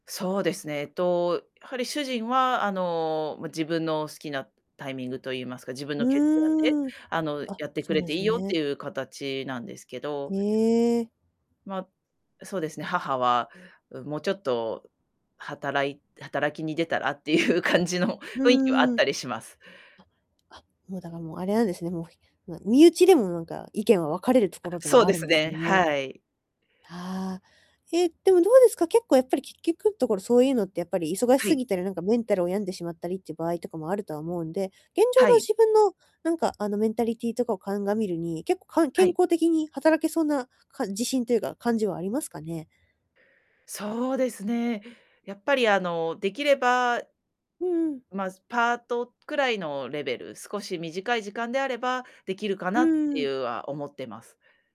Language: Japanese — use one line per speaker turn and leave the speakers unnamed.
そうですね。え、と、やはり主人は、あの、ま、自分の好きなタイミングと言いますか、自分
う
の決断で、
ーん。
あの、
あ、
やってく
そう
れ
なん
てい
す
いよっ
ね。
ていう形なんですけ
へ
ど。
え。
ま、そうですね、母は、うん、もうちょっと働い働きに出たら、っていう感じの
う
雰囲気はあっ
んうん。
たりします。
ああもうだから、もう、あれなんですね、もう、ひまあ、身内でも、なんか、意見は分かれると
あ、
ころで
そう
はあ
で
る
す
んです
ね、
ね。
はい。
はあ。ええ、でも、どうですか、結構やっぱりき結局んところ、そういうのってやっぱり、忙し
は
す
い。
ぎたり、なんか、メンタルを病んでしまったりっていう場合とかもあるとは思うんで、現状
は
の
い。
自分の、なんか、あの、メンタリティとかを鑑みるに、結構、かん
は
健
い。
康的に働けそうな、か自信というか、感じはありますかね。
そうですね。やっぱり、あの、できれば、
うんうん。
ま、すパートくらいのレベル、少し短い時間であればできるか
う
なって
ー
い
ん。
うは、思ってます。